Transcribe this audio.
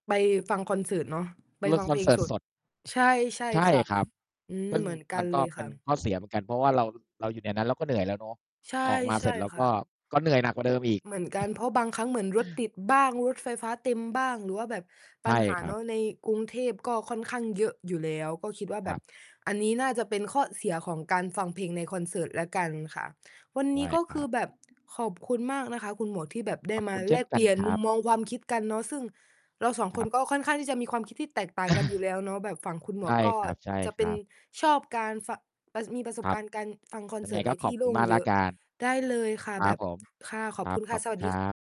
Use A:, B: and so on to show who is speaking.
A: ไปฟังคอนเสิร์ตเนาะ ไป
B: เลิ
A: ฟ
B: ก
A: ัง
B: ค
A: เพ
B: อน
A: ล
B: เ
A: ง
B: สิร์
A: ส
B: ต
A: ด
B: สด
A: ใช่ ใช่
B: ใช่
A: ค่ะ
B: ครับ
A: อืม
B: ซึ่ง
A: เหมือนกั
B: มั
A: น
B: น
A: เ
B: ก
A: ล
B: ็
A: ย
B: เป
A: ค
B: ็
A: ่
B: น
A: ะ
B: ข้อเสียเหมือนกัน เพราะว่าเรา เราอยู่ในนั้นเราก็เหนื่อยแล้วเนาะ
A: ใช่
B: ออกมา
A: ใช
B: เสร
A: ่
B: ็จเรา
A: ค
B: ก
A: ่
B: ็
A: ะ
B: ก็เหนื่อยหนักกว่าเดิมอีก
A: เหมือนกัน เพราะบางครั้งเหมือนรถติดบ้าง รถไฟฟ้าเต็มบ้าง หรือว่าแบบ
B: ใ
A: ป
B: ช
A: ั
B: ่
A: ญหา
B: ครั
A: เนา
B: บ
A: ะ ในกรุงเทพก็ค่อนข้างเยอะอยู่แล้ว ก็คิดว่าแ
B: ค
A: บ
B: ร
A: บ
B: ับ
A: อันนี้น่าจะเป็นข้อเสียของการฟังเพลงในคอนเสิร์ตแล้วกันค่ะ วัน
B: ใช
A: นี
B: ่
A: ้ก็
B: คร
A: ค
B: ั
A: ือ
B: บ
A: แบบขอบคุณมากนะคะคุณหมวก ที่แบบได
B: ข
A: ้
B: อบ
A: มา
B: คุณเช
A: แล
B: ่น
A: ก
B: ก
A: เ
B: ั
A: ปล
B: น
A: ี่ยน
B: คร
A: มุ
B: ั
A: ม
B: บ
A: มองความคิดกันเนาะ ซึ่งเรา 2
B: ค
A: ค
B: รั
A: น
B: บ
A: ก็ค่อนข้างที่จะมีความคิดที่แตกต่างกันอยู่แล้วเนาะ แบบฝั่งคุณหม
B: ใช
A: วก
B: ่
A: ก็
B: ค
A: จะเป็
B: ร
A: น
B: ับ ๆ
A: ชอบการฟะ อ่า มีประสบ
B: ครั
A: ก
B: บ
A: ารณ์การฟังคอน
B: ยั
A: เ
B: ง
A: ส
B: ไ
A: ิ
B: ง
A: ร์ตใ
B: ก
A: น
B: ็ข
A: ท
B: อ
A: ี่
B: บ
A: โ
B: ค
A: ล
B: ุณ
A: ่ง
B: มากแ
A: เ
B: ล
A: ย
B: ้
A: อ
B: ว
A: ะ
B: กัน
A: ได้เลยค่ะ
B: คร
A: แบ
B: ับ
A: บ
B: ผม
A: ค่ะ ขอบคุณค่ะ สวั
B: ครับ ขอบคุณ
A: ส
B: ค
A: ด
B: รั
A: ี
B: บ